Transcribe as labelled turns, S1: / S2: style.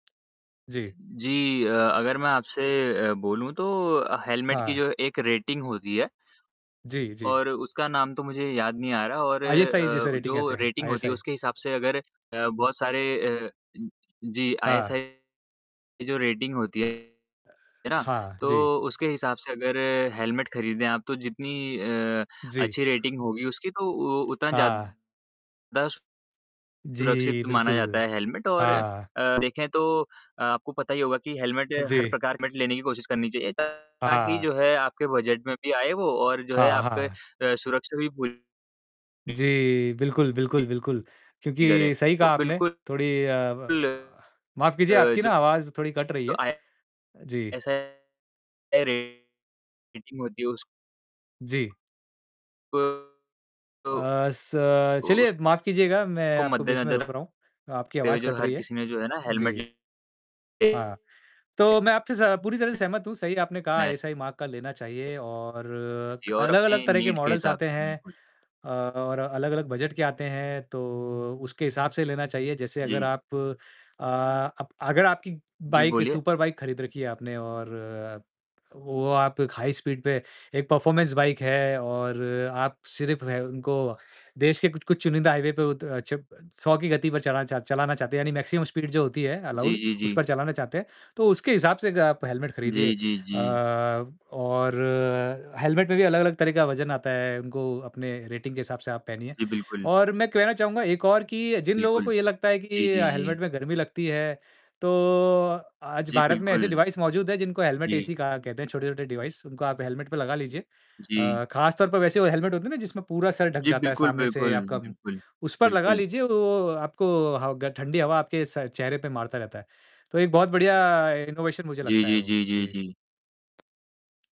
S1: जी।
S2: जी, अ, अगर मैं आपसे अ, बोलूं तो हेलमेट की
S1: हाँ।
S2: जो एक रेटिंग होती है
S1: जी, जी।
S2: और उसका नाम तो मुझे याद नहीं आ रहा और
S1: आईएसआई जैसे
S2: अ,
S1: रेटिंग आते
S2: जो
S1: हैं,
S2: रेटिंग होती है
S1: आईएसआई।
S2: उसके हिसाब से अगर अ, बहुत सारे अ, जी,
S1: हाँ।
S2: आईएसआई की जो रेटिंग होती है ना,
S1: हाँ जी।
S2: तो उसके हिसाब से अगर हेलमेट खरीदें आप तो जितनी अ,
S1: जी।
S2: अच्छी रेटिंग होगी उसकी तो उतना ज़्यादा
S1: हाँ। जी,
S2: सुरक्षित माना जाता
S1: बिल्कुल,
S2: है हेलमेट और अ,
S1: हाँ।
S2: देखें तो आपको पता ही होगा कि हेलमेट हर
S1: जी।
S2: प्रकार लेने की कोशिश करनी चाहिए ताकि
S1: हाँ।
S2: जो है आपके बजट में भी आए वो और जो है
S1: हाँ,
S2: आपके
S1: हाँ।
S2: अ, सुरक्षा भी पूरी
S1: जी, बिल्कुल, बिल्कुल, बिल्कुल,
S2: करे,
S1: क्योंकि सही कहा
S2: तो
S1: आपने,
S2: बिल्कुल
S1: थोड़ी अ,
S2: अ,
S1: माफ कीजिए आपकी ना
S2: जो
S1: आवाज थोड़ी कट रही है, जी।
S2: आईएसआई रेटिंग होती है उसको
S1: जी।
S2: अ
S1: अ,
S2: अ,
S1: स चलिए
S2: उसको
S1: माफ़ कीजिएगा मैं आपको बीच में
S2: मद्देनजर
S1: रोक रहा हूँ,
S2: रखते
S1: आपकी
S2: हुए
S1: आवाज़
S2: जो
S1: कट
S2: हर
S1: रही है
S2: किसी ने जो है ना हेलमेट
S1: जी, हाँ, तो मैं आपसे स पूरी तरह सहमत हूँ, सही आपने कहा आईएसआई मार्क का लेना चाहिए और
S2: और
S1: अलग-अलग
S2: अपनी
S1: तरह के
S2: नीड के
S1: मॉडल्स
S2: हिसाब
S1: आते
S2: से
S1: हैं
S2: बिल्कुल।
S1: और अलग-अलग बजट के आते हैं तो, उसके हिसाब से लेना चाहिए जैसे अगर
S2: जी।
S1: आप अ, अप आपकी
S2: जी,
S1: बाइक
S2: बोलिए।
S1: सुपर बाइक खरीद रखी है आपने और वो आप हाई स्पीड पर एक परफॉर्मेंस बाइक है और आप सिर्फ उनको देश के कुछ-कुछ चुनिंदा हाईवे पे वो त अ, चप 100 की गति पर चलाना चाह चलाना चाहते हैं यानी मैक्सिमम स्पीड जो होती है
S2: जी,
S1: अलाउड,
S2: जी,
S1: उस
S2: जी।
S1: पर चलाना चाहते हैं तो उसके हिसाब से अग आप हेलमेट खरीदिए
S2: जी, जी,
S1: अ,
S2: जी।
S1: और हेलमेट में भी अलग-अलग तरह का वजन आता है उनको अपने रेटिंग के हिसाब से आप पहनिए।
S2: जी, बिल्कुल।
S1: और मैं कहना चाहूँगा एक और कि जिन लोगों
S2: बिल्कुल,
S1: को ये लगता है
S2: जी,
S1: कि
S2: जी,
S1: अ, हेलमेट
S2: जी।
S1: में गर्मी लगती है तो आज
S2: जी,
S1: भारत में ऐसे
S2: बिल्कुल।
S1: डिवाइस मौजूद है जिनको हेलमेट
S2: जी।
S1: एसी कहा कहते हैं। छोटे-छोटे डिवाइस उनको आप हेलमेट पे लगा लीजिए।
S2: जी।
S1: अ, खास तौर पर वैसे वो हेलमेट होते हैं ना जिसमें पूरा सर ढक
S2: जी,
S1: जाता है
S2: बिल्कुल,
S1: सामने से
S2: बिल्कुल,
S1: आपका,
S2: बिल्कुल,
S1: उस पर लगा
S2: बिल्कुल।
S1: लीजिए वो आपको ह ग ठंडी हवा आपके स चेहरे पर मारता रहता है। तो एक बहुत बढ़िया इनोवेशन मुझे
S2: जी,
S1: लगता है
S2: जी,
S1: वो।
S2: जी, जी,
S1: जी।
S2: जी।